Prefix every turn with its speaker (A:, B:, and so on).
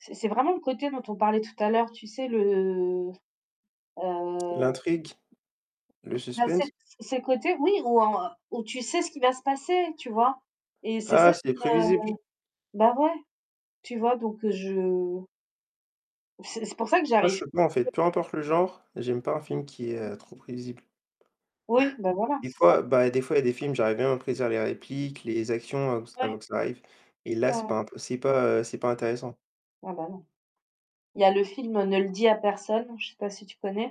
A: C'est c'est vraiment le côté dont on parlait tout à l'heure, tu sais? Le
B: L'intrigue, le
A: Il a ses
B: suspense?
A: ses côtés oui où en tu sais ce qui va se passer, tu vois? Et c'est ça
B: Ah! C'est
A: qui me
B: prévisible, tu v
A: bah, ouais, tu vois? Donc je C'est c'est pour ça que
B: Ah je
A: j'arrive
B: sais
A: plus
B: pas en fait, peu importe le
A: [unintelligible]
B: genre, j'aime pas un film qui est, heu, trop prévisible.
A: Oui, beh, voilà,
B: Des
A: c'est ça.
B: fois beh, des fois il y a des films j'arrive bien à prédire les répliques, les actions, avant qu
A: Ouais.
B: avant que ça arrive et là
A: Ouais,
B: c'est
A: ouais.
B: pas im c'est pas, heu, c'est pas intéressant.
A: Ah, bah, non. Il y a le film «Ne le Dis à Personne», je sais pas si tu connais.